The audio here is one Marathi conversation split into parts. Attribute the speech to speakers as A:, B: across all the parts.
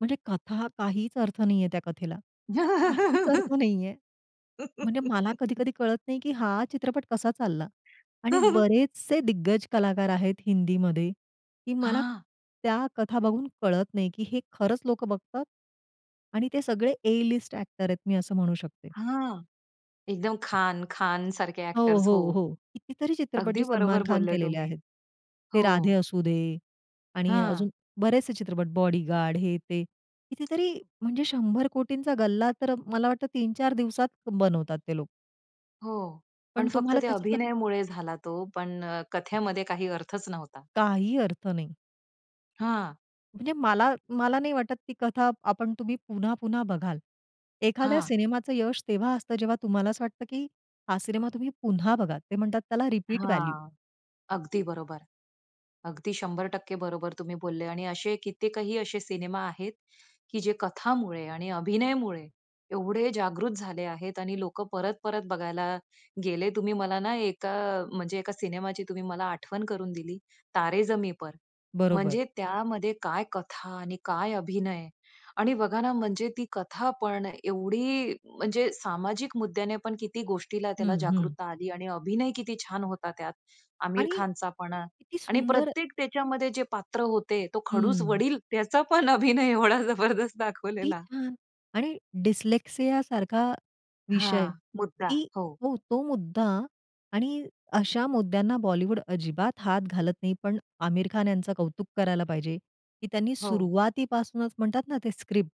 A: म्हणजे कथा काहीच अर्थ नाहीये त्या कथेला. काहीच अर्थ नाहीये. म्हणजे मला कधी-कधी कळत नाही, की हा चित्रपट कसा चालला. आणि बरेचसे दिग्गज कलाकार आहेत हिंदीमध्ये की मला
B: हां.
A: त्या कथा बघून कळत नाही, की हे खरंच लोकं बघतात? आणि ते सगळे ए-लिस्ट ॲक्टर आहेत मी असं म्हणू शकते.
B: हां. एकदम खान, खानसारखे
A: हो,
B: एक्टर्स हो.
A: हो, हो. कितीतरी चित्रपट
B: अगदी
A: जे
B: बरोबर
A: सलमान खान
B: बोललेय
A: केलेले
B: तुम्ही.
A: आहेत. ते
B: हो.
A: राधे असू दे आणि
B: हां
A: अजून बरेचसे चित्रपट बॉडीगार्ड, हे, ते. कितीतरी म्हणजे 100 कोटींचा गल्ला तर मला वाटतं 3-4 दिवसात बनवतात ते लोक.
B: हो,
A: पण
B: पण फक्त
A: तुम्हाला
B: त्या
A: त्याच्यातलं
B: अभिनयमुळे झाला तो पण अ, कथेमध्ये काही अर्थच नव्हता.
A: काही अर्थ नाही.
B: हां.
A: म्हणजे मला, मला नाही वाटत ती कथा आपण तुम्ही पुन्हा-पुन्हा बघाल. एखाद्या
B: हां.
A: सिनेमाचं यश तेव्हा असतं जेव्हा तुम्हाला असं वाटतं, की हा सिनेमा तुम्ही पुन्हा बघाल. ते म्हणतात त्याला रिपीट व्हॅल्यू.
B: हां. अगदी बरोबर. अगदी 100% बरोबर तुम्ही बोलले आणि असे कित्येकही असे सिनेमा आहेत, की जे कथामुळे आणि अभिनयामुळे एवढे जागृत झाले आहेत आणि लोकं परत-परत बघायला गेले. तुम्ही मला ना एका म्हणजे एका सिनेमाची तुम्ही मला आठवण करून दिली, तारे जमी पर.
A: बरोबर.
B: म्हणजे त्यामध्ये काय कथा आणि काय अभिनय आणि बघा ना म्हणजे ती कथापण एवढी म्हणजे सामाजिक मुद्द्यानेपण किती गोष्टीला त्याला
A: हं, हं.
B: जागृतता आली आणि अभिनय किती छान होता त्यात. आमिर
A: आणि
B: खानचा पण अ,
A: किती
B: आणि
A: सुंदर
B: प्रत्येक त्याच्यामध्ये जे पात्र होते तो खडूस
A: हम्म.
B: वडील. त्याचा पण अभिनय एवढा जबरदस्त
A: किती
B: दाखवलेला.
A: छान! आणि डिस्लेक्सियासारखा विषय
B: हां. मुद्दा.
A: की
B: हो.
A: हो, तो मुद्दा आणि अशा मुद्द्यांना बॉलिवूड अजिबात हात घालत नाही. पण आमिर खान यांचं कौतुक करायला पाहिजे, की त्यांनी
B: हो.
A: सुरुवातीपासूनच म्हणतात ना ते स्क्रिप्ट.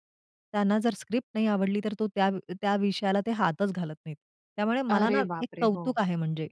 A: त्यांना जर स्क्रिप्ट नाही आवडली, तर तो त्या त्या विषयाला ते हातच घालत नाहीत. त्यामुळे मला ना
B: अरे
A: एक
B: बापरे! हो.
A: कौतुक आहे म्हणजे.